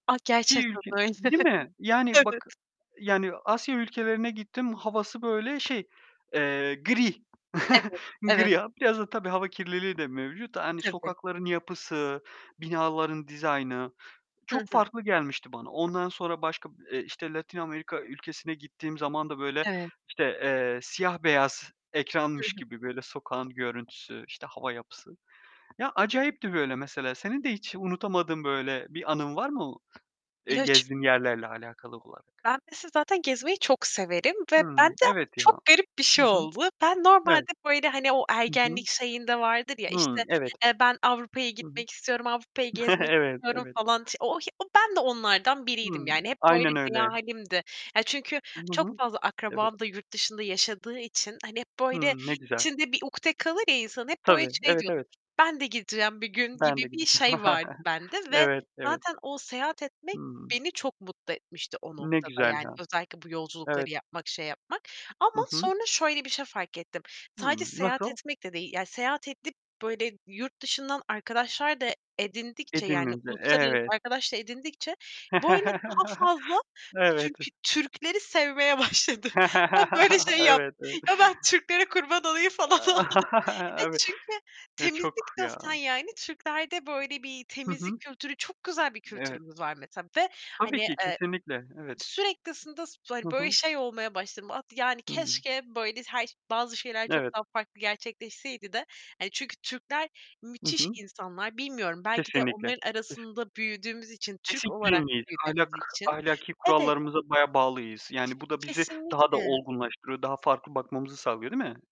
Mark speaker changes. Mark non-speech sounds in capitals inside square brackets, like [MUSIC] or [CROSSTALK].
Speaker 1: A,
Speaker 2: Bir
Speaker 1: gerçekten
Speaker 2: ülke
Speaker 1: öyle.
Speaker 2: değil mi? Yani
Speaker 1: Evet.
Speaker 2: bak, yani Asya ülkelerine gittim, havası böyle şey, eee gri.
Speaker 1: Evet.
Speaker 2: [CHUCKLES] Gri
Speaker 1: Evet.
Speaker 2: ya, biraz da tabii hava kirliliği de mevcut da hani,
Speaker 1: Tabii.
Speaker 2: sokakların yapısı, binaların dizaynı
Speaker 1: Hı
Speaker 2: çok
Speaker 1: hı.
Speaker 2: farklı gelmişti bana. Ondan sonra başka, eee, işte Latin Amerika ülkesine gittiğim zaman da böyle
Speaker 1: Evet.
Speaker 2: işte, eee, siyah beyaz
Speaker 1: Hı
Speaker 2: ekranmış gibi
Speaker 1: hı.
Speaker 2: böyle sokağın görüntüsü, işte hava yapısı. Ya acayipti böyle mesela, senin de hiç unutamadığın böyle bir anın var mı, e
Speaker 1: Ya [UNINTELLIGIBLE]
Speaker 2: gezdiğin yerlerle alakalı olarak?
Speaker 1: Ben, mesela, zaten gezmeyi çok severim ve
Speaker 2: Hıı.
Speaker 1: bende
Speaker 2: Evet ya.
Speaker 1: çok garip bir şey
Speaker 2: Hı hı.
Speaker 1: oldu. Ben
Speaker 2: Evet.
Speaker 1: normalde böyle, hani, o
Speaker 2: Hı
Speaker 1: ergenlik
Speaker 2: hı.
Speaker 1: şeyinde vardır ya,
Speaker 2: Hıı.
Speaker 1: işte,
Speaker 2: Evet.
Speaker 1: "Eee, ben Avrupa'ya
Speaker 2: Hı hı.
Speaker 1: gitmek istiyorum, Avrupa'yı gezmek
Speaker 2: [GIGGLES] Evet,
Speaker 1: istiyorum."
Speaker 2: evet.
Speaker 1: falan t o i o ben de onlardan biriydim,
Speaker 2: Hıı.
Speaker 1: yani, hep böyle
Speaker 2: Aynen öyle.
Speaker 1: hayalimdi. Ya, çünkü
Speaker 2: Hı
Speaker 1: çok
Speaker 2: hı,
Speaker 1: fazla
Speaker 2: evet.
Speaker 1: akrabam da yurt dışında yaşadığı için, hani, hep böyle
Speaker 2: Hıı. Ne güzel.
Speaker 1: içinde bir ukde kalır ya insanın, hep böyle
Speaker 2: Tabii,
Speaker 1: şey
Speaker 2: evet,
Speaker 1: diyordum,
Speaker 2: evet.
Speaker 1: "Ben de gideceğim bir gün." gibi
Speaker 2: Ben de
Speaker 1: bir
Speaker 2: gideceğim.
Speaker 1: şey vardı
Speaker 2: [CHUCKLES]
Speaker 1: bende ve
Speaker 2: Evet, evet.
Speaker 1: zaten o seyahat etmek
Speaker 2: Hıı.
Speaker 1: beni çok mutlu etmişti o
Speaker 2: Ne
Speaker 1: noktada,
Speaker 2: güzel
Speaker 1: yani,
Speaker 2: ya.
Speaker 1: özellikle bu yolculukları
Speaker 2: Evet.
Speaker 1: yapmak, şey yapmak
Speaker 2: Hı
Speaker 1: ama
Speaker 2: hı.
Speaker 1: sonra şöyle bir şey fark ettim. Sadece
Speaker 2: Hıı.
Speaker 1: seyahat
Speaker 2: Nasıl?
Speaker 1: etmek de değil, yani, seyahat edip böyle yurt dışından arkadaşlar da edindikçe yani,
Speaker 2: Edinince,
Speaker 1: uluslararası
Speaker 2: evet.
Speaker 1: arkadaş da edindikçe böyle daha
Speaker 2: [CHUCKLES]
Speaker 1: fazla
Speaker 2: Evet.
Speaker 1: Türkü Türkleri sevmeye başladım. Ben böyle
Speaker 2: [CHUCKLES]
Speaker 1: şey yaptım.
Speaker 2: Evet, evet.
Speaker 1: "Ya, ben Türklere kurban olayım!" falan oldum.
Speaker 2: [CHUCKLES]
Speaker 1: E,
Speaker 2: evet,
Speaker 1: çünkü
Speaker 2: e çok
Speaker 1: temizlik, [UNINTELLIGIBLE]
Speaker 2: ya.
Speaker 1: yani, Türklerde böyle bir,
Speaker 2: Hı
Speaker 1: temizlik
Speaker 2: hı.
Speaker 1: kültürü, çok güzel bir
Speaker 2: Evet.
Speaker 1: kültürümüz var, mesela ve
Speaker 2: Tabii
Speaker 1: hani,
Speaker 2: ki,
Speaker 1: eee,
Speaker 2: kesinlikle, evet.
Speaker 1: sürekli, [UNINTELLIGIBLE]
Speaker 2: Hı
Speaker 1: hani, böyle
Speaker 2: hı.
Speaker 1: şey olmaya başladım, at yani,
Speaker 2: Hıı.
Speaker 1: "Keşke böyle s her bazı şeyler çok
Speaker 2: Evet.
Speaker 1: daha farklı gerçekleşseydi." de hani çünkü Türkler
Speaker 2: Hı
Speaker 1: müthiş
Speaker 2: hı.
Speaker 1: insanlar, bilmiyorum, belki de
Speaker 2: Kesinlikle,
Speaker 1: onların
Speaker 2: kesinlikle.
Speaker 1: arasında büyüdüğümüz için, Türk olarak
Speaker 2: Disiplinliyiz,
Speaker 1: büyüdüğümüz
Speaker 2: ahlak
Speaker 1: için
Speaker 2: ahlaki
Speaker 1: Evet.
Speaker 2: kurallarımıza bayağı bağlıyız. Yani bu da bizi daha da
Speaker 1: Kesinlikle.
Speaker 2: olgunlaştırıyor, daha farklı bakmamızı sağlıyor değil mi?